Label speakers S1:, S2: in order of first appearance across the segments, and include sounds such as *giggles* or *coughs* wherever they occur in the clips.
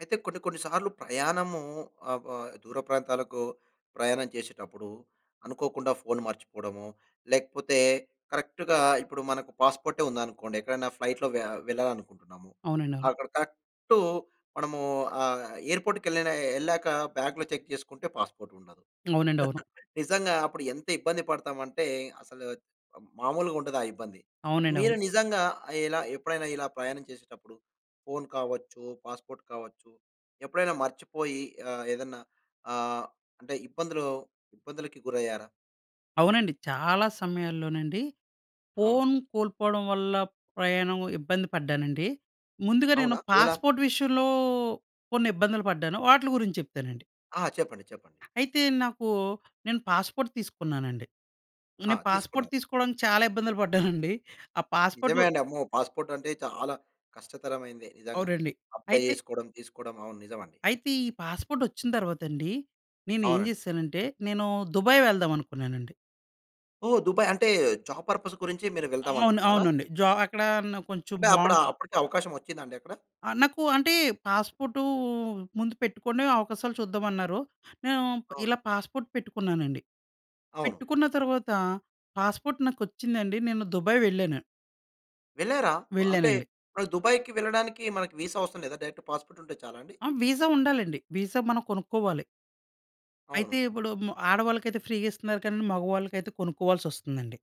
S1: అయితే కొన్ని, కొన్ని సార్లు ప్రయాణము ఆహ్! వ దూర ప్రాంతాలకు ప్రయాణం చేసేటప్పుడు అనుకోకుండా ఫోన్ మర్చిపోవడమో, లేకపోతే కరెక్ట్‌గా ఇప్పుడు మనకు పాస్‌పోర్టే ఉందనుకోండి ఎక్కడైనా ఫ్లైట్‌లో వె వెళ్ళాలనుకుంటున్నాము.
S2: అవునండి అవును.
S1: అక్కడ కరెక్టు మనము ఆహ్! ఎయిర్‌ పోర్ట్‌‌కెళ్ళిన ఎళ్ళాక బ్యాగ్‌లో చెక్ చేసుకుంటే పాస్‌పోర్ట్ ఉండదు.
S2: అవునండి అవును.
S1: *chuckles* నిజంగా అప్పుడు ఎంత ఇబ్బంది పడతాం అంటే అసలు ఆహ్! మామూలుగా ఉండదా ఇబ్బంది.
S2: అవునండి
S1: మీరు
S2: అవును.
S1: నిజంగా ఇలా ఎప్పుడైనా ఇలా ప్రయాణం చేసేటప్పుడు ఫోన్ కావచ్చు, పాస్‌పోర్ట్ కావచ్చు. ఎప్పుడైనా మర్చిపోయి ఆహ్, ఏదన్నా ఆహ్, అంటే ఇబ్బందులు ఇబ్బందులికి గురయ్యారా?
S2: అవునండి. చాలా సమయాల్లోనండి
S1: అవును.
S2: ఫోన్ కోల్పోవడం వల్ల ప్రయాణం ఇబ్బంది పడ్డానండి. ముందుగా నేను
S1: అవునా? ఎలా?
S2: పాస్‌పోర్ట్ విషయంలో కొన్ని ఇబ్బందులు పడ్డాను. వాటిలి గురించి చెప్తానండి.
S1: ఆ! చెప్పండి, చెప్పండి.
S2: అయితే నాకు నేను పాస్‌పోర్ట్ తీసుకున్నానండి.
S1: హా!
S2: నేను పాస్‌పోర్ట్
S1: తీసుకున్నావు.
S2: తీసుకోడానికి చాలా ఇబ్బందులు పడ్డానండి. *chuckles* ఆ పాస్‌పోర్టు
S1: నిజమే అండి. అమ్మో పాస్‌పోర్ట్ అంటే చాలా కష్టతరమైనదే నిజంగా.
S2: అవునండి.
S1: అప్లై
S2: అయితే...
S1: చేసుకోవడం, తీసుకోవడం, అవును నిజమండి.
S2: అయితే ఈ పాస్‌పోర్టొచ్చిన తర్వాత అండి, నేనేం
S1: అవునండి.
S2: చేశానంటే నేను దుబాయ్ వెళ్దాం అనుకున్నానండి.
S1: ఓహ్! దుబాయ్. అంటే జాబ్ పర్పస్ గురించి మీరు వెళ్దాం
S2: అవును.
S1: అనుకున్నారా?
S2: అవునండి. జ అక్కడ నా కొంచెం
S1: అంటే అప్పుడా,
S2: బాండ్
S1: అప్పటికే అవకాశం ఒచ్చిందా అండి అక్కడ?
S2: ఆహ్, నాకు అంటే, "పాస్పోర్టు ముందు పెట్టుకొండి, అవకాశాలు చూద్దాం" అన్నారు. నేను
S1: అవును.
S2: ఇలా పాస్‌పోర్ట్ పెట్టుకున్నానండి.
S1: అవును.
S2: పెట్టుకున్న తర్వాత పాస్‌పోర్ట్ నాకొచ్చిందండి. నేను దుబాయ్ వెళ్ళాను.
S1: వెళ్లారా? అంటే
S2: వెళ్ళానండి.
S1: దుబాయ్‌కి వెళ్ళడానికి మనకి వీసా అవసరం లేదా? డైరెక్ట్ పాస్‌పోర్ట్ ఉంటే చాలా అండి.
S2: ఆ! విసా ఉండాలండి. విసా మనం కొనుక్కోవాలి.
S1: అవును.
S2: అయితే ఇప్పుడు మ్ ఆడవాళ్ళకైతే ఫ్రీ‌గా ఇస్తున్నారు కానండి, మగవాళ్ళకైతే కొనుక్కోవాల్సొస్తుందండి.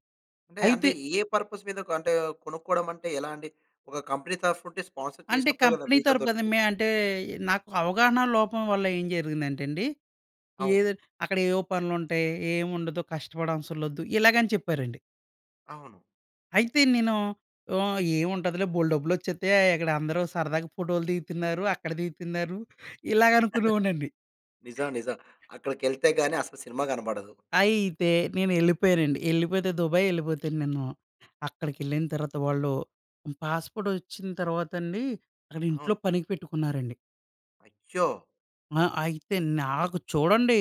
S1: అంటే,
S2: అయితే
S1: అంటే ఏ పర్పస్ మీద, అంటే కొనుక్కోవడం అంటే ఎలా అండి? ఒక కంపెనీ తరపునుండి స్పాన్సర్
S2: అంటే
S1: చేసినప్పుడే కదా!
S2: కంపెనీ
S1: విసా
S2: తరపు కదా!
S1: దొరికేది.
S2: మే అంటే, నాకు అవగాహన లోపం వల్ల ఏం జరిగిందంటే అండి,
S1: అవును.
S2: "ఏదోటి అక్కడేవో పనులుంటాయి. ఏం ఉండదు, కష్టపడవసర్లొద్దు, ఇలాగని చెప్పారండి."
S1: అవును.
S2: అయితే నేను ఆహ్, ఏముంటదిలే బోల్డు డబ్బులొచ్చేత్తయి. అయ్ అక్కడ అందరూ సరదాగా ఫోటో‌లు దిగుతున్నారు. అక్కడ దిగుతున్నారు. ఇలాగ అనుకునేవాడ్నండి.
S1: *chuckles* నిజం. నిజం.
S2: *giggles*
S1: అక్కడికెళ్తే గాని అసల సినిమా కనపడదు.
S2: అయితే, నేను ఎళ్ళిపోయానండి. ఎళ్ళిపోతే దుబాయ్ ఎళ్ళిపోతెను నేను, అక్కడిడెళ్ళిన తర్వాత వాళ్ళు పాస్‌పోర్ట్ ఒచ్చిన తర్వాత అండి. అక్కడ ఇంట్లో
S1: అవును.
S2: పనికి పెట్టుకున్నారండి.
S1: అయ్యో!
S2: ఆ! అయితే నాకు చూడండి.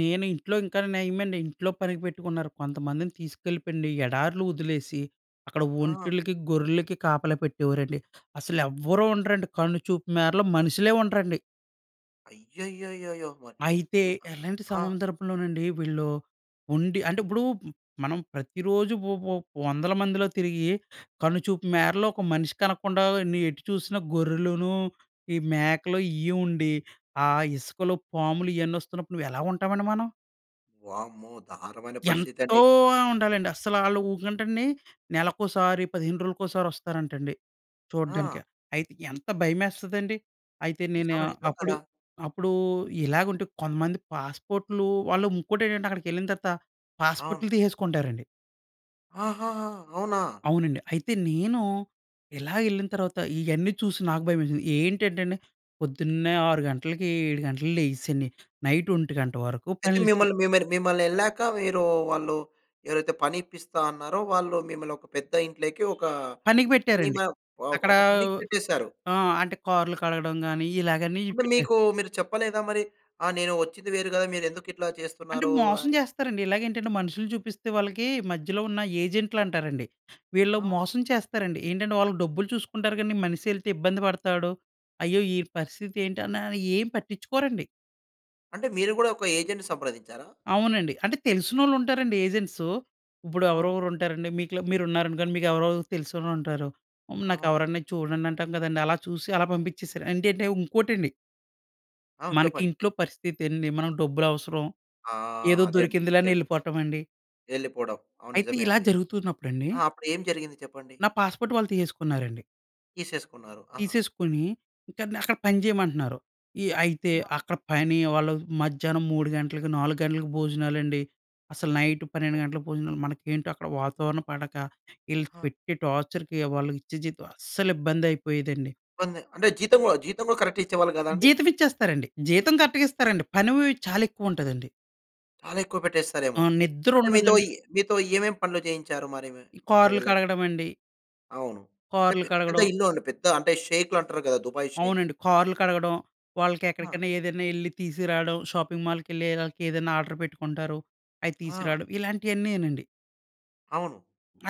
S2: నేను ఇంట్లో ఇంకా నయమండి, ఇంట్లో పనికి పెట్టుకున్నారు. కొంతమందిని తీసుకెళ్ళిపెండి ఎడారు‌లో వదిలేసి, అక్కడ
S1: ఆ!
S2: ఒంటెలకి, గొర్రెలకి కాపలా పెట్టేవారండి. అసలెవరూ ఉండరండి కన్నుచూపు మేరలో మనుషులే ఉండరండి.
S1: అయ్యయ్యయ్యయ్యో! మరి
S2: అయితే,
S1: *unintelligible*
S2: అలాంటి
S1: ఆ!
S2: సందర్భంలోనండి వీళ్ళు ఉండి అంటే ఇప్పుడు మనం ప్రతిరోజూ వొ వొ వందల మందిలో తిరిగి, కన్నుచూపు మేరలో ఒక మనిషి కనకుండా, నీ ఎటు చూసిన గొర్రెలును, ఈ మేకలు ఇయే ఉండి, ఆ ఇసుకలో పాములు ఇయన్నీ వస్తున్నప్పుడు నువ్వు ఎలా ఉంటామండి మనం?
S1: వామ్మో! దారణమైన పరిస్థితి
S2: ఎంతో
S1: అండి.
S2: ఆహ్, ఉండాలండి. అసలు ఆళ్లు ఊకంటండి. నెలకోసారి, 15 రోజులకోసారి వస్తారంటండి
S1: ఆ!
S2: చూడ్డానికి. అయితే, ఎంత భయమేస్తదండి! అయితే నేను
S1: నిజమే, నిజం
S2: అప్పుడు
S1: కదా!
S2: అప్పుడు ఇలాగుంటే కొంతమంది పాస్‌పోర్ట్‌లు వాళ్ళు ఇంకోటేంటంటే అక్కడికి వెళ్ళిన తర్వాత
S1: అవును.
S2: పాస్‌పోర్ట్‌లు తీసేసుకుంటారండి.
S1: ఆహాహా! అవునా!
S2: అవునండి. అయితే నేను ఇలా ఏళ్ళిన తర్వాత ఇయన్నీ చూసి, నాకు భయమేసింది. ఏంటంటే అండి, పొద్దున్నే 6 గంటలకి, 7 గంటలకి లేసి అండి నైట్ 1 గంట వరకు
S1: అయితే
S2: పనులు చే
S1: మిమ్మల్ని మీ మీద మిమ్మల్ని ఏళ్ళాక మీరు వాళ్ళు ఎవరైతే పని ఇప్పిస్తా అన్నారో, వాళ్ళు మిమ్మల్ని ఒక పెద్ద ఇంట్లోకి ఒక
S2: పనికి పెట్టారండి.
S1: ఇమా వా
S2: అక్కడ
S1: ఒక పనికి పెట్టేశారు?
S2: ఆహ్, అంటే కార్‌లు కడగడం గాని, ఇలాగని
S1: అంటే
S2: పెట్టారు.
S1: మీకు మీరు చెప్పలేదా మరి, "ఆ! నేను వచ్చింది వేరు గదా! మీరు ఎందుకు ఇట్లా
S2: అంటే
S1: చేస్తున్నారు?"
S2: మోసం
S1: అని?
S2: చేస్తారండి. ఇలాగే ఏంటంటే మనుషుల్ని చూపిస్తే వాళ్ళకి మధ్యలో ఉన్న ఏజెంట్‌లు అంటారండి. వీళ్ళు
S1: ఆ!
S2: మోసం చేస్తారండి. ఏంటంటే, వాళ్ళు డబ్బులు చూసుకుంటారు గాని, మనీషెల్తే ఇబ్బంది పడతాడు. అయ్యో! ఈడు పరిస్థితి ఏంటి ఆనే అయ్యేం పట్టించుకోరండి.
S1: అంటే మీరు కూడా, ఒక ఏజెంట్‌ని సంప్రదించారా?
S2: అవునండి. అంటే తెలిసినోళ్ళు ఉంటారండి ఏజెంట్సూ. ఇప్పుడు
S1: అవును.
S2: ఎవరెవరు ఉంటారండి. మీకుల మీరు ఉన్నారనుకోండి. మీకు ఎవరెవరు తెలిసినోళ్ళు ఉంటారు. హ్మ్, నాకు
S1: అవును.
S2: ఎవరన్నా చూడండి అంటాం కదండీ. అలా చూసి అలా పంపించేసారు. అంటంటే ఇంకోటండి...
S1: అవును.
S2: మనకి
S1: చెప్పండి.
S2: ఇంట్లో పరిస్థితి అండి మనకు డబ్బులు అవసరం,
S1: ఆ!
S2: ఏదో
S1: అదే అండి.
S2: దొరికిందిలే అని
S1: ముఖ్యంగా!
S2: ఎళ్ళిపోవటం అండి.
S1: ఎళ్లిపోవడం. అవును
S2: అయితే,
S1: నిజమే
S2: ఇలా
S1: అండి.
S2: జరుగుతున్నప్పుడు అండి.
S1: ఆ! అప్పుడు ఏం జరిగింది చెప్పండి?
S2: నా పాస్‌పోర్ట్ వాళ్ళు తీసేసుకున్నారండి...
S1: తీసేసుకున్నారు. ఆ!
S2: తీసేసుకొని, ఇంకా నన్ను అక్కడ పని చేయమంటున్నారు. ఈ అయితే,
S1: మా
S2: అక్కడ పని వాళ్ళు మధ్యాహ్నం 3 గంటలకి, 4 గంటలకి భోజనాలండి. అసలు నైట్ 12
S1: ఓహ్!
S2: గంటలకు భోజనాలు. మనకేంటో అక్కడ వాతావరణం పడక. ఈళ్ళు
S1: ఆ!
S2: పెట్టి టార్చర్‌కి వాళ్ళకి ఇచ్చే జీతం అస్సలు ఇబ్బంది అయిపోయేదండి.
S1: ఇబ్బందే, అంటే జీతం కూడా జీతం కూడా కరెక్ట్‌గా ఇచ్చేవాళ్ళు కాదా అండి?
S2: జీతం ఇచ్చేస్తారండి. జీతం కరెక్ట్‌గా ఇస్తారండి. పని వ్ చాలా ఎక్కువ ఉంటదండి.
S1: చాలా ఎక్కువ
S2: ఆ!
S1: పెట్టేస్తారేమో!
S2: నిద్ర
S1: అంటే, మీతో
S2: ఉండదండి.
S1: ఇ మీతో ఏమేం పనులు చేయించారు? మరి మే
S2: ఈ
S1: అక్కడికి
S2: కార్‌లు
S1: వెళ్ళాక?
S2: కడగడం అండి.
S1: అవును. అంటే
S2: కార్‌లు
S1: పెద్ద, పెద్ద
S2: కడగడం!
S1: ఇల్లు అండి. పెద్ధ అంటే షేక్లు అంటారు కదా! Dubai sheikhs.
S2: అవునండి. కార్‌లు కడగడం. వాళ్ళకి
S1: ఆ!
S2: ఎక్కడికైనా ఏదైనా ఎళ్లి తీసుకురావడం. షాపింగ్ మాల్‌కెళ్ళి ఆళ్ళకి ఏదైనా ఆర్డర్ పెట్టుకుంటారు. అవి
S1: ఆ!
S2: తీసుకురావడం. ఇలాంటివన్నీయేనండి.
S1: అవును.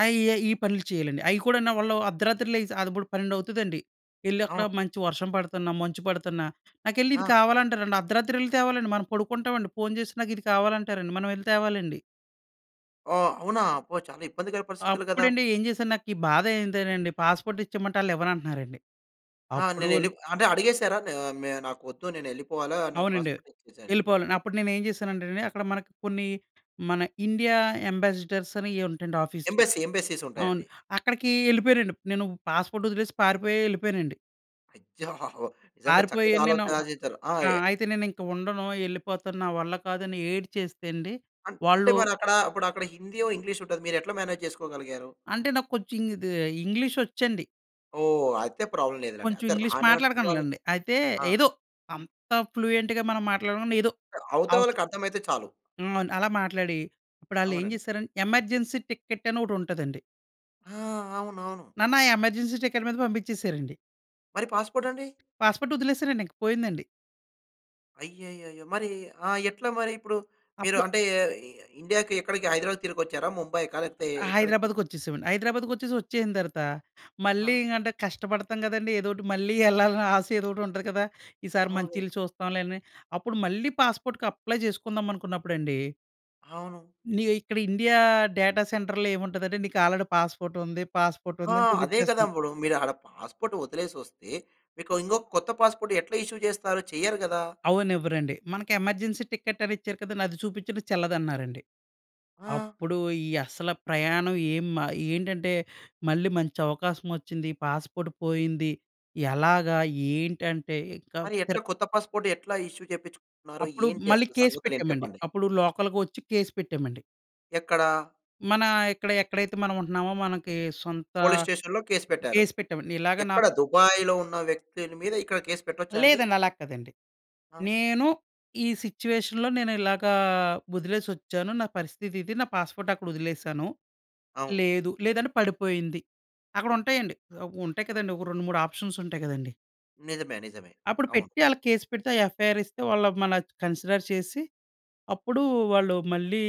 S2: ఆ! ఈ ఈ పనులు చేయాలండి. అవి కూడానూ వాళ్ళు అర్ధరాత్రి లెగిసి అప్పుడు 12 అవుతదండి. ఎళ్ళి అక్కడ
S1: ఆ!
S2: మంచి వర్షం పడుతున్న, మంచు పడుతున్నా, నాకెళ్ళి ఇది
S1: ఆ!
S2: కావాలంటారండి. అర్ధరాత్రి వెళ్లి తేవాలండి! మనం పడుకుంటామండి. ఫోన్ చేసి నాకు ఇది కావాలంటారండి. మనం ఎళ్లి తేవాలండి.
S1: ఓహ్! అవునా! అబ్బో! చాలా ఇబ్బందికర పరిస్థితులు కదా!
S2: అప్పుడండి ఏం చేశాను, నాకీ బాధ ఏంటో అండి పాస్‌పోర్ట్ ఇచ్చేమంటే! వాళ్ళు ఇవ్వనంటన్నారండి.
S1: ఆ!
S2: అప్పుడు
S1: నేనెల్లి అంటే అడిగేసారా ఆహ్, నే నాకు వద్దు. నేను వెళ్ళిపోవాలా. నాకు
S2: అవునండి.
S1: పాస్‌పోర్ట్ ఇచ్చేసేయని.
S2: వెళ్ళిపోవాలి. అప్పుడు నేనేం చేశానంటే అండి! అక్కడ మనకి కొన్ని మన ఇండియా అంబాసీడర్స్ అని ఏవో ఉంటాయండి ఆఫీస్‌లు.
S1: ఎంబసీ, ఎంబసీస్ ఉంటాయి
S2: అవును.
S1: అండి.
S2: అక్కడికి వెళ్ళిపోయానండి. నేను పాస్‌పోర్ట్ వదిలేసి పారిపోయి వెళ్ళిపోయానండి.
S1: అయ్యో! *chuckles* నిజంగా
S2: పారిపోయి
S1: చక్కటి
S2: నేను
S1: ఆలోచన చేసారు. ఆహ్,
S2: ఆ!
S1: యా
S2: అయితే నేనిక ఉండను. ఎళ్ళిపోతాను. నా వల్ల కాదని ఏడ్చేస్తే అండి,
S1: అం అంటే
S2: వాళ్ళు
S1: మరి అక్కడ ఇప్పుడు అక్కడ హిందీయో, ఇంగ్లీష్ ఉంటది. మీరెట్లా మ్యానేజ్ చేసుకోగలిగారు?
S2: అంటే నాకు కొంచెం ఇంగ్ ఇది ఇంగ్లీషొచ్చండి.
S1: ఓహ్! అయితే ప్రాబ్లమ్ లేదు లెండి.
S2: కొంచెం
S1: అయితే
S2: ఇంగ్లీష్
S1: రాని వాళ్ళు
S2: మాట్లాడకలనండి. అయితే
S1: ఆ!
S2: ఏదో అంత ఫ్లూయెంట్‌గా మనం మాట్లాడకుండా ఏదో
S1: అవతల
S2: అవసరం.
S1: వాళ్ళకి అర్థమైతే చాలు.
S2: హ్మ్. అండి. అలా మాట్లాడి, అప్పుడాళ్ళు ఏం
S1: అవునండి.
S2: చేసారంటే, ఎమర్జెన్సీ టికెట్ అని ఒకటి ఉంటదండి.
S1: ఆ! అవునవును.
S2: నన్ను ఆ ఎమర్జెన్సీ టికెట్ మీద పంపించేశారండి.
S1: మరి పాస్‌పోర్ట్ అండి?
S2: పాస్‌పోర్ట్ వదిలేశానండి. ఇంకా పోయిందండి.
S1: అయ్యయ్యయ్యో! మరి ఆ! ఎట్లా మరి ఇప్పుడు మీరు
S2: అప్పుడు
S1: అంటే ఈ ఈ ఇండియా‌కి ఎక్కడికి, హైదరాబాద్‌కి తిరిగి వచ్చారా? ముంబైకా? లేకపోతే ఎక్కడికి?
S2: హైదరాబాద్‌కి వచ్చేశామండి. హైదరాబాద్‌కి వచ్చేసి వచ్చేసిన తరువాత, మళ్ళీ
S1: ఆ!
S2: ఇంగా అంటే కష్టపడతాం కదండీ! ఏదో ఒకటి మళ్ళీ ఎళ్ళాలని ఆశ ఎదో ఒకటి ఉంటది కదా! ఈ సారి
S1: అవును
S2: మంచి
S1: కదా!
S2: ఇల్లు చూస్తాంలే అని అప్పుడు మళ్ళీ పాస్‌పోర్ట్‌కి అప్లై చేసుకుందాం అనుకున్నప్పుడండి!
S1: అవును.
S2: ఇగ ఇక్కడ ఇండియా డేటా సెంటర్‌లో ఏముంటదంటే నీకు ఆల్రెడీ పాస్‌పోర్ట్ ఉంది, పాస్‌పోర్ట్
S1: ఆ!
S2: ఉంది అని
S1: అదే కదా!
S2: చూపించేస్తంది.
S1: ఇప్పుడు. మీరు ఆడ పాస్‌పోర్ట్ వదిలేసి వస్తే, మీకు ఇంకో కొత్త పాస్‌పోర్ట్ ఎట్లా ఇష్యూ చేస్తారు. చెయ్యరు కదా!
S2: అవ్వనివ్వరండి. మనకి ఎమర్జెన్సీ టికెట్ అని ఇచ్చారు కదండీ! అది చూపించిన చెల్లదన్నారండి.
S1: ఆ!
S2: అప్పుడు ఈ అస్స‌లా ప్రయాణం ఏం మా ఏంటంటే, మళ్ళీ మంచి అవకాశం వచ్చింది. పాస్‌పోర్ట్ పోయింది. ఎలాగా? ఏంటంటే ఇంకా
S1: మరి ఎట్లా
S2: పిర్
S1: కొత్త పాస్‌పోర్ట్ ఎట్లా ఇష్యూ చేపించుకుంటున్నారు?
S2: అప్పుడు
S1: ఏంటి
S2: మళ్ళి
S1: అసలు
S2: కేస్
S1: సంగతులు ఏంటి
S2: పెట్టామండి
S1: చెప్పండి?
S2: అప్పుడు లోకల్‌గా వచ్చి కేస్ పెట్టామండి.
S1: ఎక్కడా?
S2: మన ఇక్కడ ఎక్కడైతే మనం ఉంటున్నామో మనకి సొంత
S1: పోలీస్ స్టేషన్‌లో కేస్ పెట్టారు.
S2: కేస్ పెట్టామండి. ఇలాగ
S1: ఎక్కడ?
S2: నాకు
S1: దుబాయ్‌లో ఉన్న వ్యక్తుల మీద ఇక్కడ కేస్ పెట్టొచ్చా అండి?
S2: లేదండి, అలా కాదండి.
S1: ఆ!
S2: నేను ఈ సిట్యుయేషన్‌లో నేను ఇలాగా వదిలేసి వచ్చాను. నా పరిస్థితి ఇది, నా పాస్‌పోర్ట్ అక్కడ వదిలేశాను.
S1: అవును.
S2: లేదు లేదంటే పడిపోయింది. అక్కడ ఉంటాయండి ఆహ్! ఉంటాయి కదండీ ఒక 2, 3 ఆప్షన్స్ ఉంటాయి కదండీ!
S1: నిజమే, నిజమే.
S2: అప్పుడు
S1: అవును.
S2: పెట్టి ఆళ్ళకి కేస్ పెడితే ఆ యఫ్ఐఆర్ ఇస్తే వాళ్ళు మన కన్సిడర్ చేసి, అప్పుడు వాళ్ళు మళ్ళీ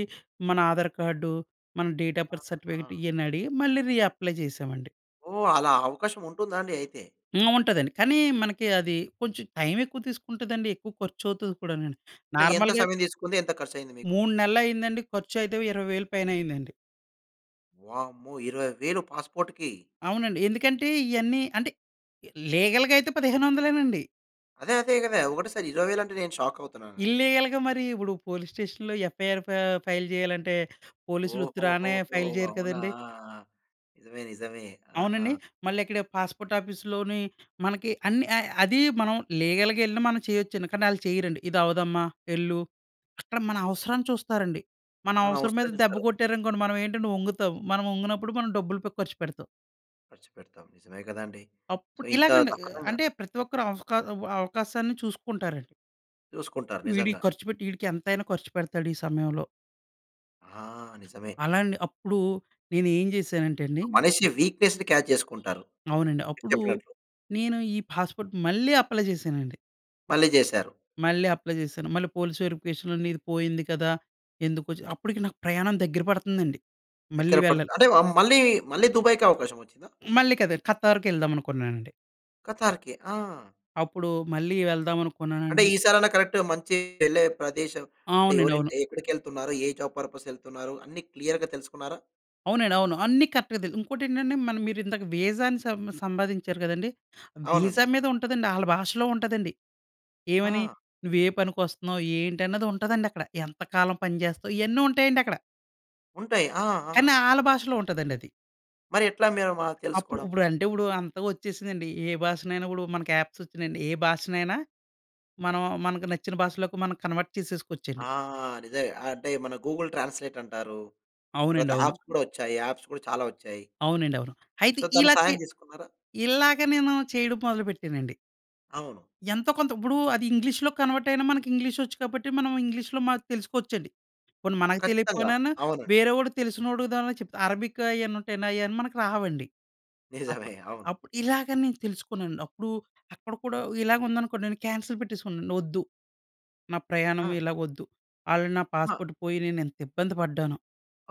S2: మన ఆధార్ కార్డు, మన డేట్ ఆఫ్ బర్త్
S1: ఆహా!
S2: సర్టిఫికేట్ ఇయన్ని అడిగి మళ్ళీ రీఅప్లై చేశామండి.
S1: ఓహ్! అలా అవకాశం ఉంటుందా అండి అయితే?
S2: హ్మ్. ఉంటదండి. కానీ మనకి అది కొంచెం టైం ఎక్కువ తీసుకుంటదండి. ఎక్కువ ఖర్చు అవుతది కూడానండి.
S1: అంటే ఎంత
S2: నార్మల్‌గా
S1: సమయం తీసుకుంది? ఎంత ఖర్చయింది మీకు?
S2: 3 నెలలు అయిందండి. ఖర్చు అయితే ఓ 20,000 పైన అయ్యిందండి.
S1: వామ్మో! 20,000 పాస్‌పోర్ట్‌కి.
S2: అవునండి. ఎందుకంటే ఇయన్నీ అంటే, లీగల్‌గా అయితే పదిహేను వందలేనండి.
S1: అదే, అదే గదా! ఒకటేసారి 20,000 అంటే నేను షాక్ అవుతున్నానండి.
S2: ఇల్లిగల్‌గా మరి ఇప్పుడు పోలీస్ స్టేషన్‌లో యఫ్ఐఆర్ ఫై ఫైల్ చేయాలంటే పోలీస్‌లు ఉత్తురానే
S1: ఓహోహోహో!
S2: ఫైల్ చేయరు
S1: అవునా!
S2: కదండీ!
S1: నిజమే, నిజమే. ఆహా!
S2: అవునండి. మళ్ళీ ఇక్కడ పాస్‌పోర్ట్ ఆఫీస్‌లోని మనకి అన్ని అది మనం లీగల్‌గా ఎళ్ళినా మనం చెయ్యొచ్చండి. కానీ ఆళ్ళు చెయ్యరండి. "ఇది అవ్వదమ్మా. ఎళ్ళు." అక్కడ మన అవసరాన్ని చూస్తారండి. మన
S1: మన
S2: అవసరం మీద
S1: అవసరం
S2: దెబ్బ
S1: చూస్తారు.
S2: కొట్టారనుకోండి మనం ఏంటంటే వంగుతాం. మనం వంగినప్పుడు మనం డబ్బులుపై ఖర్చు పెడతాం.
S1: ఖర్చుపెడతాం. నిజమే గదండీ! సో,
S2: అప్పుడ్
S1: ఇంత
S2: ఇలాగండి. ఆహ్,
S1: దక్కరంగా
S2: అంటే ప్రతి ఒక్కరు అవఫ్‌కా ఆహ్, అవకాశాన్ని చూసుకుంటారండి.
S1: చూసుకుంటారు.
S2: వీడీకి
S1: నిజంగా.
S2: ఖర్చు పెట్టి, ఈడికి ఎంతైనా ఖర్చు పెడతాడు ఈ సమయంలో.
S1: ఆ! నిజమే.
S2: అలా అండి. అప్పుడు నేను ఏం చేశానంటేండి.
S1: మనిషి వీక్‌నెస్‌ని క్యాచ్ చేసుకుంటారు.
S2: అవునండి.
S1: మీరు
S2: అప్పుడు
S1: చెప్పినట్లు.
S2: నేను ఈ పాస్‌పోర్ట్ మళ్ళీ అప్లై చేశానండి.
S1: మళ్ళీ చేశారు.
S2: మళ్ళీ అప్లై చేశాను. మళ్ళీ పోలీస్ వెరిఫికేషన్‌లో నీది పోయింది కదా! ఎందుకొచ్చావు? అప్పటికి నాకు ప్రయాణం దగ్గర పడుతుందండి. మళ్ళీ
S1: ఎక్కడ
S2: వెళ్ళాలి.
S1: పడుతా అంటే ఆహ్, మళ్ళీ, మళ్ళీ 'దుబాయ్‌కి' అవకాశం వచ్చిందా?
S2: మళ్ళీ కదర్ 'ఖత్తార్‌కి' వెళ్దాం అనుకున్నానండి.
S1: 'ఖతార్‌కి.' ఆ!
S2: అప్పుడు మళ్ళీ
S1: అంటే
S2: వెళ్దామనుకున్నానండి.
S1: ఈ సారైనా కరెక్ట్‌గా మంచి వెళ్ళే ప్రదేశం అంటే
S2: అవునండి.
S1: ఎవరి
S2: అవును.
S1: ఇంటి ఎక్కడికి వెళ్తున్నారు? ఏ జాబ్ పర్పస్‌కి వెళ్తున్నారు? అన్ని క్లియర్‌గా తెలుసుకున్నారా?
S2: అవునండి. అవును. అన్నీ కరెక్ట్‌గా తెలియదు. ఇంకోటి ఏంటంటే, మన మీరు ఇందాక వీజా అని సం సంబాదించారు కదండి! వీసా
S1: అవునండి.
S2: మీద ఉంటదండి. ఆళ్ళ భాషలో ఉంటదండి. ఏమని?
S1: ఆ!
S2: నువ్వు ఏ పనికొస్తున్నావు? ఏంటి? అన్నది ఉంటదండి అక్కడ. ఎంత కాలం పనిచేస్తావు? ఇయన్నీ ఉంటాయండి అక్కడ.
S1: ఉంటాయి. ఆ!
S2: కానీ,
S1: ఆ!
S2: ఆళ్ల భాషలో ఉంటదండి అది.
S1: మరి ఎట్లా మీ మ
S2: అప్పుడు
S1: తెలుసుకోవడం?
S2: ఇప్పుడంటే ఇప్పుడు అంతగా వచ్చేసిందండి. ఏ భాషనైనా కూడా మనకి యాప్స్ వచ్చినాయండి. ఏ భాషనైనా మనం మనకు నచ్చిన భాషలోకి మనం కన్వర్ట్
S1: ఆ!
S2: చేసేసుకోవచ్చండి.
S1: నిజమే. అంటే మన గూగుల్ ట్రాన్స్‌లేట్ అంటారు.
S2: అవునండి.
S1: తర్వాత
S2: అవును.
S1: యాప్స్ కూడా వచ్చాయి. యాప్స్ కూడా చాలా వచ్చాయి.
S2: అవునండి. అవును. అయితే
S1: సో, తన
S2: ఇలా చే
S1: సహాయం తీసుకున్నారా?
S2: ఇలాగ నేను చేయడం మొదలుపెట్టానండి.
S1: అవును.
S2: ఎంతో కొంత ఇప్పుడు అది ఇంగ్లీష్‌లోకి కన్వర్ట్ అయినా మనకి వచ్చు కాబట్టి మనం ఇంగ్లీష్‌లో మార్చి తెలుసుకోవచ్చండి. పోనీ మనకు
S1: ఖచ్చితంగా.
S2: తెలియకపోయినాన్న
S1: అవునండి.
S2: వేరే వాడు తెలిసినోడు, దాంట్లో చెప్తా అరబికు ఆయన్నీ ఉంటాయండి. ఆయన్నీ మనకి రావండి.
S1: *chuckles* నిజమే.
S2: అప్పుడు
S1: అవును.
S2: అప్పుడు ఇలాగని నేను తెలుసుకున్నానండి. అప్పుడు అక్కడ కూడా ఇలాగ ఉందనుకోండి. నేను కాన్సెల్ పెట్టేసుకున్నాను. వద్దు, నా ప్రయాణం
S1: ఆ!
S2: ఇలా వద్దు. ఆల్రెడీ నా
S1: ఆ!
S2: పాస్‌పోర్ట్ పోయి నేను ఎంత ఇబ్బంది పడ్డానో.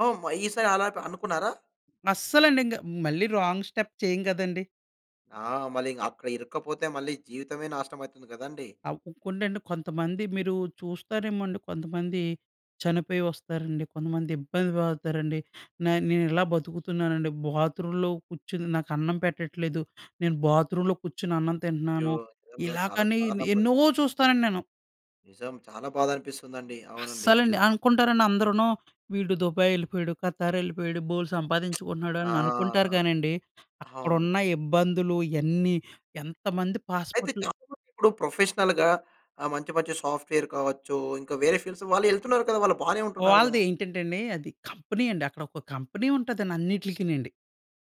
S1: ఓమ్మ! ఈ సారి అలా ప అనుకున్నారా?
S2: అస్సలండి ఇంక. మళ్ళీ రాంగ్ స్టెప్ చేయం కదండీ!
S1: ఆ! మళ్ళి ఇంక అక్కడ ఇరక్కపోతే మళ్ళీ జీవితమే నాశనం అయితుంది కదండీ!
S2: అవ్ ఇంకోండండి కొంతమంది మీరు చూస్తారేమో అండి. కొంతమంది చనిపోయి వస్తారండి. కొంతమంది ఇబ్బంది పడుతారండి. న నేను ఇలా బతుకుతున్నానండి. బాత్రూమ్‌లో కూర్చుని, నాకు అన్నం పెట్టట్లేదు. నేను బాత్రూమ్‌లో కూర్చొని అన్నం
S1: అయ్యో!
S2: తింటున్నాను.
S1: నిజంగా
S2: ఇలా
S1: చాలా
S2: కానీ
S1: దారుణ పరి
S2: ఎన్నో చూస్తానండి నేను.
S1: నిజం. చాలా బాధనిపిస్తుందండి. అవునండి.
S2: అస్సలండి. అనుకుంటారండి అందరూనూ, వీడు దుబాయ్ వెళ్ళిపోయాడు. ఖతార్ వెళ్ళిపోయాడు. బోలెడు
S1: *smacks lips*
S2: సంపాదించుకుంటున్నాడు
S1: ఆ!
S2: అని అనుకుంటారు కానండి,
S1: అవును.
S2: అక్కడున్న ఇబ్బందులు ఎన్ని, ఎంతమంది
S1: అయితే
S2: పాస్‌పోర్ట్‌లు
S1: చాలా మంది ఇప్పుడు ప్రొఫెషనల్‌గా ఆహ్, మంచి, మంచి సాఫ్ట్‌వేర్ కావచ్చు, ఇంకా వేరే ఫీల్డ్స్ వాళ్ళు ఎళ్తున్నారు కదా! వాళ్ళు బానే ఉంటున్నారు కదా!
S2: వాళ్ళదేంటంటే అండి. అది కంపెనీ అండి. అక్కడొక కంపెనీ ఉంటదని అన్నిట్లకి నండి.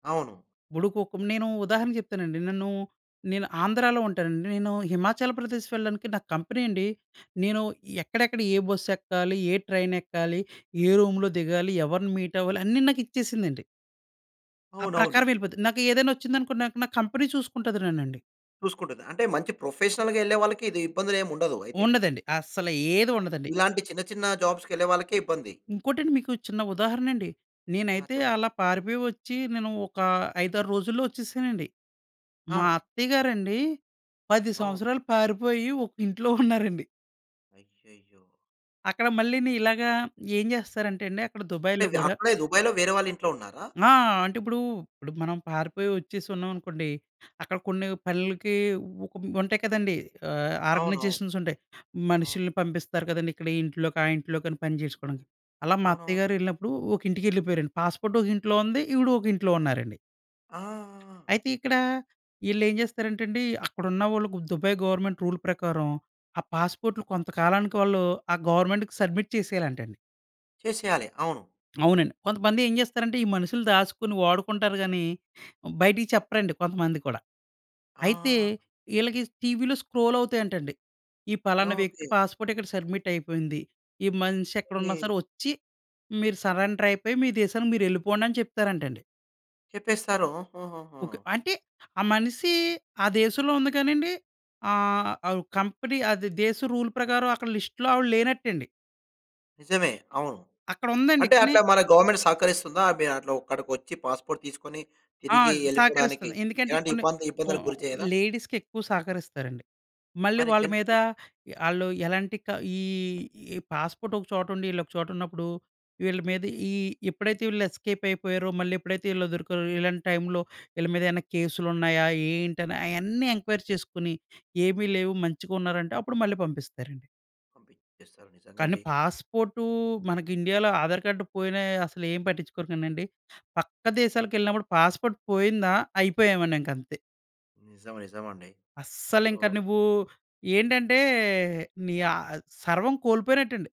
S1: అవును.
S2: భుడుకోకుం నేను ఉదాహరణ చెప్తానండి. నన్ను నేను ఆంధ్రాలో ఉంటానండి. నేను హిమాచల్ ప్రదేశ్ వెళ్ళడానికి నాకు కంపెనీ అండి, నేను ఎక్కడెక్కడ, ఏ బస్ ఎక్కాలి, ఏ ట్రైన్ ఎక్కాలి, ఏ రూమ్‌లో దిగాలి, ఎవరిని మీట్ అవ్వాలి, అన్ని నాకిచ్చేసిందండి. ఆ ప్రకారం
S1: అవునవును.
S2: ఎళ్ళిపోతది. నాకు ఏదైనా ఒచ్చిందనుకొండి నాక్ నా కంపెనీ చూసుకుంటది నన్నండి.
S1: చూసుకుంటది. అంటే మంచి ప్రొఫెషనల్‌గా ఎళ్ళే వాళ్ళకి ఇబ్బందులు ఏమి ఉండదు. అయితే.
S2: ఉండదండి. అసలా ఏది ఉండదండి.
S1: ఇలాంటి చిన్న, చిన్న జాబ్స్‌కెళ్ళే వాళ్ళకే ఇబ్బంది.
S2: ఇంకోటండి మీకు చిన్న ఉదాహరణ అండి.
S1: ఆ!
S2: నేనైతే
S1: చెప్
S2: అలా పారిపోయి ఒచ్చి, నేను ఒక 5, 6 రోజుల్లో ఒచ్చేసానండి. మా
S1: ఆ!
S2: అత్తయ్య గారండి. 10
S1: అవును.
S2: సంవత్సరాలు పారిపోయి ఒక ఇంట్లో ఉన్నారండి.
S1: అయ్యయ్యో!
S2: అక్కడ మళ్ళీని ఇలాగా ఏం చేస్తారంటెండి అక్కడ దుబాయిలో
S1: అంటే,
S2: గూడా
S1: అక్కడే దుబాయిలో వేరే వాళ్ళ ఇంట్లో ఉన్నారా?
S2: ఆ! అంటే ఇప్పుడు ఇప్పుడు మనం పారిపోయి ఒచ్చేసి ఉన్నామనుకోండి. అక్కడ కొన్ని పనులకి ఒక ఉంటాయి కదండీ. ఆహ్,
S1: అవును. అవును.
S2: ఆర్గనైజేషన్స్ ఉంటాయి.
S1: అవును.
S2: మనుషుల్ని పంపిస్తారు కదండీ. ఇక్కడ ఈ ఇంట్లోకి, ఆ ఇంట్లోకి అని పని చేసుకోవడానికి అలా మా
S1: అవునవును.
S2: అత్తయ్య గారు ఎళ్ళినప్పుడు ఒక ఇంటికి ఎళ్ళిపోయారండి. పాస్‌పోర్ట్ ఒక ఇంట్లో ఉంది. ఈవిడ ఒక ఇంట్లో ఉన్నారండి.
S1: ఆ! ఆ! ఆ!
S2: అయితే ఇక్కడ, ఇళ్ళేం చేస్తారంటండి. అక్కడున్నవాళ్ళుకు 'దుబాయ్' గవర్నమెంట్ రూల్ ప్రకారం. ఆ పాస్‌పోర్ట్‌లు కొంతకాలానికి వాళ్ళు ఆ గవర్నమెంట్‌కి సబ్మిట్ చేసేయాలంటండి.
S1: చేసేయాలి. అవును.
S2: అవునండి. కొంతమంది ఏం చేస్తారంటే, ఈ మనుషులు దాసుకొని వాడుకుంటారు గాని, బయటికి చెప్పరండి. కొంతమంది కూడా. అయితే
S1: ఆ!
S2: ఇళ్ళకి టీవీ‌లో స్క్రోల్ అవుతాయంటండి. ఈ
S1: యాహ్!
S2: పలానా వ్యక్తి
S1: ఓకే.
S2: పాస్‌పోర్ట్‌ ఇక్కడ సబ్మిట్ అయిపోయింది. ఈ మనిషి ఎక్కడున్నా సరే
S1: కే
S2: ఒచ్చి, మీరు సర్అండర్ అయిపోయి మీ దేశానికి మీరు ఎళ్ళిపొండి అని చెప్తారంటండి.
S1: చెప్పేస్తారొ. హుహుహు.
S2: ఓకే. అంటే, ఆ మనిసీ ఆ దేశంలో ఉంది కానీండి, ఆహ్, అవ్ కంపెనీ అది దేశ రూల్ ప్రకారం, అక్కడ లిస్ట్‌లో ఆవిడ లేనట్టండి.
S1: నిజమే! అవును.
S2: అక్కడుందండి
S1: అంటే
S2: కానీ
S1: అట్లా మన గవర్నమెంటు సహకరిస్తుందా? మీ అట్లా ఒక్కడికొచ్చి పాస్‌పోర్ట్ తీస్కుని,
S2: ఆ!
S1: తిరిగి ఎళ్ళిపోవడానికి.
S2: సహకరిస్తది. ఎందుకంటే
S1: ఎలాంటి
S2: ఇప్పుడు నే
S1: ఇబ్బంది ఇబ్బందులకు
S2: ఓహ్,
S1: గురి చేయదా?
S2: లేడీస్‌కెక్కువ సహకరిస్తారండి. మళ్ళీ
S1: మరి
S2: వాళ్ళ మీద
S1: జెంట్‌కి.
S2: యాహ్, ఆళ్ళు ఎలాంటి క ఈ, ఈ పాస్పోర్టొక చోటుండి ఈళ్ళోక చోటున్నప్పుడు, వీళ్ళ మీద ఈ ఎప్పుడైతే వీళ్ళు ఎస్కేపయిపోయారో, మళ్ళేప్పుడైతే ఈళ్ళు దొరికారో, ఇలాంటి టైమ్‌లో ఈళ్ళ మీదేన్నా కేసులున్నాయా? ఏంటని, అయన్నీ ఎంక్వైరీ చేసుకుని, ఏమి లేవు మంచిగున్నారంటే, అప్పుడు మళ్ళీ పంపిస్తారండి.
S1: చేస్తరు,
S2: కానీ
S1: నిజంగండి.
S2: పాస్పోర్టూ మనకి ఇండియాలో ఆధార్ కార్డ్ పోయినా అసలేం పట్టించుకోరు కానండి. పక్క దేశాలకెళ్ళినప్పుడు పాస్పోర్ట్ పోయిందా, అయిపోయామనింకంతే.
S1: నిజం, నిజమండి. సో
S2: అస్సలింక నువ్వు ఏంటంటే, నీ ఆహ్, అద్ సర్వం కోల్పోయినట్టండి.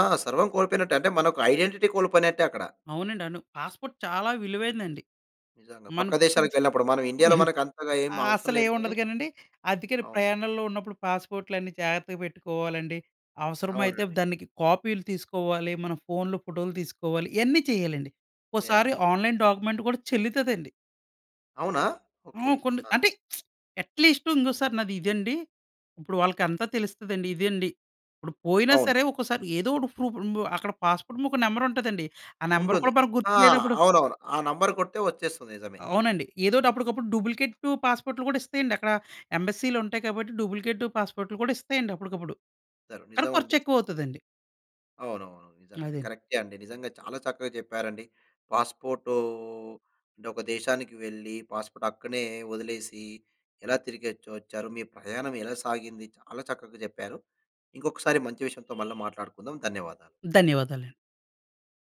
S1: ఆ! సర్వం కోల్పోయినట్టే. అంటే, మనొక ఐడెంటిటీ కోల్పోయినట్టే అక్కడ.
S2: అవునండను పాస్పోర్ట్ చాలా విలువైందండి.
S1: నిజంగా,
S2: మన
S1: పక్క
S2: పక్క దేశ
S1: దేశాలకెళ్ళినప్పుడు, మనం ఇండియాలో
S2: *coughs*
S1: మనకంతగా ఏం అవసరం లేదు గానీ.
S2: అస్సలేముండదు గానండి, అద్దికని
S1: అవును.
S2: ప్రయాణంలో ఉన్నప్పుడు పాస్పోర్ట్‌లన్నీ జాగర్తగా పెట్టుకోవాలండి. అవసరమైతే
S1: అవునండి.
S2: దానికి కాపీ‌లు తీసుకోవాలి, మన ఫోన్‌లో ఫోటోలు తీసుకోవాలి, ఇయన్నీ చేయాలండి.
S1: ఏ
S2: ఒక్కోసారి
S1: అండి.
S2: ఆన్లైన్ డాక్యుమెంట్ కూడా చెల్లుతదండి.
S1: అవునా! ఓకె.
S2: హ్మ్. కొన్ని,
S1: ఆహా!
S2: అంటే అట్లీస్టు ఇంగోసారి నాదిదండి, ఇప్పుడు వాళ్ళకంతా తెలుస్తదండి. ఇదండి ఇప్పుడు పోయినా
S1: అవును.
S2: సరే, ఒక్కొసారి ఏదోకటి ప్రూఫుంబు అక్కడ పాస్పోర్ట్‌ముక నెంబరుంటదండి, ఆ నెంబరు
S1: ఉంటుంది.
S2: కూడా మనకి
S1: ఆహ్,
S2: గుర్తులేనపుడు
S1: అవునవును. ఆ నంబరు కొడితే వచ్చేస్తుంది, నిజమే.
S2: అవునండి. ఏదోటి అప్పుడకప్పుడు డూబ్లికేటు పాస్పోర్ట్‌లు కూడా ఇస్తయండి. అక్కడ ఎంబసీ‌లుంటాయి కాబట్టి, డూబ్లికేటు పాస్పోర్ట్‌లు కూడా ఇస్తాయండి అప్పుడుకప్పుడు.
S1: *unintelligible*
S2: కానీ
S1: నిజమండి.
S2: ఖర్చెక్కువవుతదండి.
S1: అవునవును, నిజంగండి.
S2: అదండి.
S1: కరెక్టే అండి, నిజంగా చాలా చక్కగా చెప్పారండి. పాస్పోర్టూ అంటే, ఒక దేశానికి వెళ్లి, పాస్పోర్ట్ అక్కనే వదిలేసి, ఎలా తిరిగొచ్చు వచ్చారు, మీ ప్రయాణం ఎలా సాగింది, చాలా చక్కగా చెప్పారు. ఇంకొకసారి మంచి విషయంతో మళ్ళా మాట్లాడుకుందాం, ధన్యవాదాలు.
S2: ధన్యవాదాలండి.